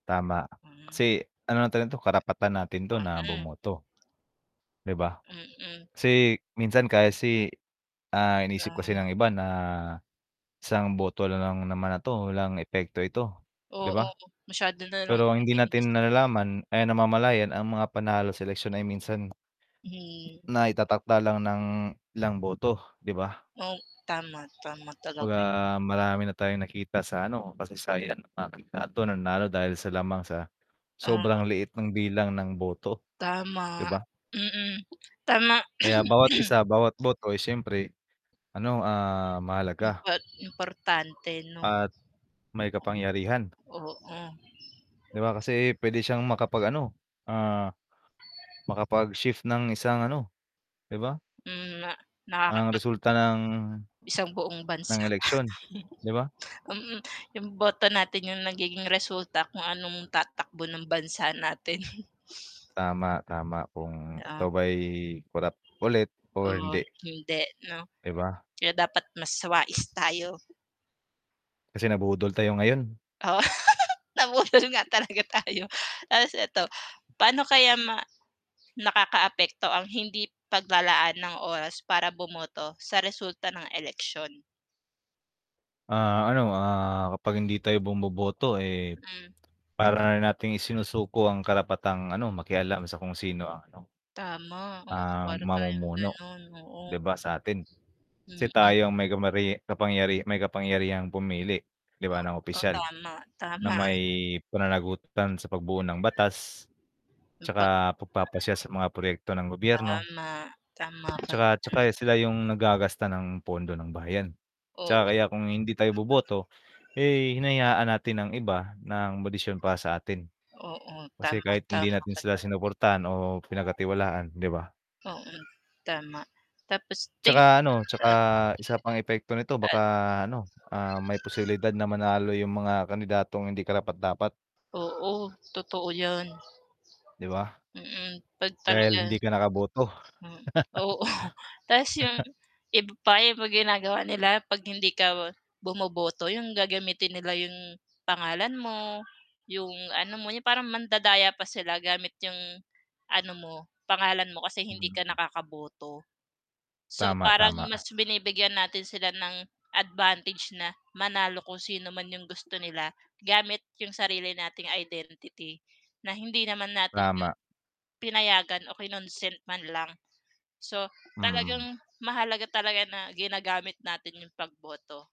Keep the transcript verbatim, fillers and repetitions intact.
Tama, Hmm. kasi ano natin 'to, karapatan natin, to Oh, na hmm. bumoto. 'Di ba? Mm. Kasi minsan kasi, ah, iniisip Ah. kasi ng iba na, isang boto na lang naman na 'to, walang epekto ito, 'di Oo, ba? masyado nalang Pero ang 'yun, hindi eh, imbes natin nalalaman, ay, namamalayan ang mga panalo sa eleksiyon ay minsan Hmm. na itatakda lang ng ilang boto, 'di ba? Oh, tama, tama 'Baga talaga. marami na tayong nakita sa, ano, kasaysayan [unintelligible] ah, ito nanalo dahil sa lamang sa Ah. sobrang liit ng bilang ng boto, 'di Tama, ba? mm, tama. Kaya bawat isa, bawat boto, ay syempre, ano, ah, mahalaga. Impor importante, 'no. At may kapangyarihan. Oo. 'Diba, kasi pwede siyang makapag-ano, ah, makapag-shift ng isang, ano, 'di ba? Mm nga, Ang nakakatag resulta ng, Isang buong ng bansa. eleksyon, 'di ba? Mm, 'yung boto natin yung nagiging resulta, kung anong tatakbo ng bansa natin. Tama, tama kung And ikaw ah ba'y korap ulit o Oo, hindi. hindi, 'no? 'Di ba? Kaya dapat mas wais tayo. Kasi nabudol tayo ngayon. Oo, nabudol nga talaga tayo, 'tas eto, paano kaya ma nakakaapekto ang hindi paglalaan ng oras para bumoto sa resulta ng eleksyon. Ah, ano, ah, kapag hindi tayo bumoboto, eh, Hmm. para nating isinusuko ang karapatang, ano, makialam sa kung sino ang, ano Tama, oh, ah, para tayong mamumuno, ganon, oo. 'di ba, sa atin, 'si Mm. tayo ang may kamarye kapangyari may kapangyarihang pumili, 'di ba, ng Oo, opisyal, tama, na tama. may pananagutan sa pagbuo ng batas. Nagpak 'Tsaka pagpapasya sa mga proyekto ng gobyerno. Tama, tama, 'Tsaka tsaka pag-an sila yung naggagasta ng pondo ng bayan, Oo. 'tsaka kaya kung hindi tayo boboto, eh, hinayaan natin ng iba ng modisyon pa sa atin. Oo, Kasi tama, kahit hindi tama natin ka sila dyan. sinuportahan o pinagkatiwalaan, 'di ba? Oo, tama, tapos 'Tsaka, ting ano, tsaka isa pang epekto nito, baka, Al ano, ah, may posibilidad na manalo yung mga kandidatong hindi karapat-dapat. Oo, totoo 'yan. 'Di ba? Mm, 'pag talaga Dahil hindi ka nakaboto. Hmm, oo 'tas 'yon, iba pa 'yung ginagawa nila, 'pag hindi ka bumoboto, 'yong gagamitin nila 'yong pangalan mo, 'yong ano mo, parang mandadaya pa sila gamit 'yong ano mo, pangalan mo, kasi hindi ka Hmm. nakakaboto. So, Tama, parang tama. mas binibigyan natin sila ng advantage na manalo, kung sino man yung gusto nila gamit yung sarili nating identity, na hindi naman natin 'yun Prama. pinayagan o kinonsent man lang. So, Hmm. talagang mahalaga talaga na ginagamit natin 'yung pagboto.